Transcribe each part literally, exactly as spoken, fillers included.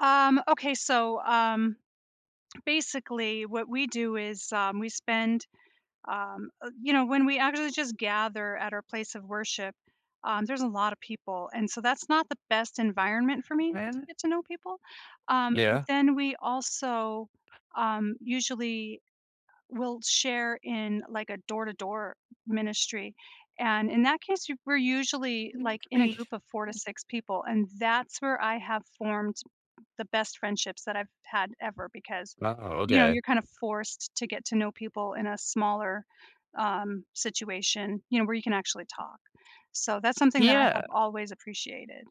Um, okay, so, um, basically what we do is, um, we spend, um, uh, you know when we actually just gather at our place of worship, um, there's a lotta people, and so, that's not the best environment for me to When? get to know people, um, but Yeah. then we also, um, usually will share in, like, a door-to-door ministry, and in that case, y we're usually like in a group of four to [unintelligible] six people, and that's where I have formed the best friendships that I've had ever because, Oh, you know, you're okay. kinda forced t to get to know people in a smaller, um, situation, you know, where you can actually talk. So, that's something that I Yeah. have always appreciated,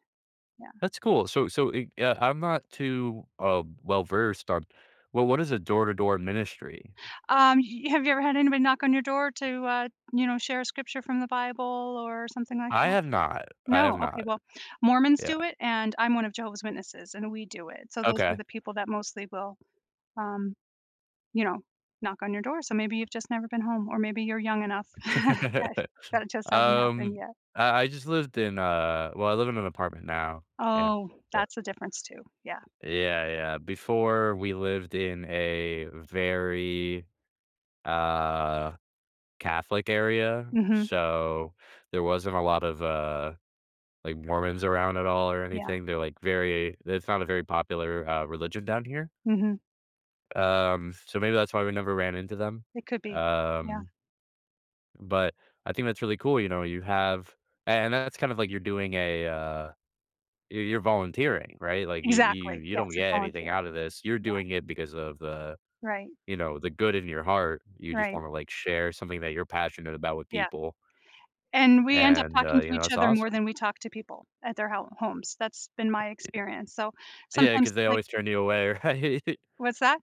yeah. That's cool, so so eh, yeah, I'm not too, uh, well-versed on well, what is a door-to-door ministry? Um, y y have you ever had anybody knock on your door to, uh, you know, share a scripture from the Bible or something like I that? have not. I No, have okay, not. well, Mormons do Yeah. it, and I'm one of Jehovah's Witnesses, and we do it, so, those are Okay. the people that mostly will, um, you know, knock on your door, so, maybe you've just never been home or maybe you're young enough that it just hasn't Um, happened yet. I I just lived in, uh well I live in an apartment now, yeah, Oh, yeah. that's a difference too, yeah. Yeah, yeah, before, we lived in a very, uh Catholic area, Mhm. so, there wasn't a lot of, uh, like Mormons around at all or Yeah. anything, they're like very it's not a very popular, uh, religion down here. Mhm. Um, so, maybe that's why we never ran into them, It could be, yeah. um But I think that's really cool, you know, you have a and that's kind of like you're doing a, uh you you're volunteering, right? Like you you Exactly, you yes, don't it's get anything voluntary, out of this, you're yeah. doing it because of the Right. you know, the good in your heart. You just Right. wanna, like, share something that you're passionate about with Yeah. people. And we end up And, uh, talking to you know, each it's other more awesome. than we talk to people at their ho homes. That's been my Ye experience, so yeah, sometimes, cause they like always turn you away, right? What's that?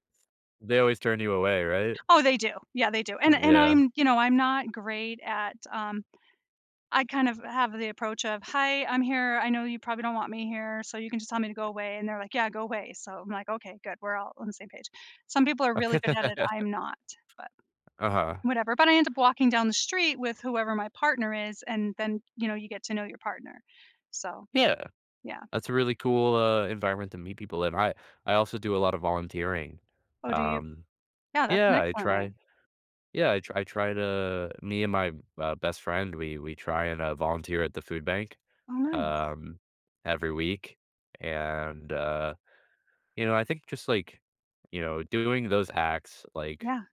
They always turn you away, right? Oh, they do, yeah, they do, and R and yeah. I'm, you know, I'm not great at, um I kind of have the approach of, "Hi, I'm here, I know you probably don't want me here, so you can just tell me to go away," and they're, like, "Yeah, go away." So, I'm, like, "Okay, good," we're all on the same page, some people are really Okay. good at it, I'm not, but, Uh-huh. whatever, but I end up walking down the street with whoever my partner is, and then, you know, you get to know your partner, so. Yeah, Yeah. that's a really cool, uh, environment to meet people in, I I also do a lotta volunteering. Oh, do you? Um, Yeah, that's an yeah, I excellent try way. Yeah, I I try to me and my, uh, best friend, we we try and, uh, volunteer at the food bank, Oh, nice. um, every week, and, uh, you know, I think just like, you know, doing those acts, like Yeah.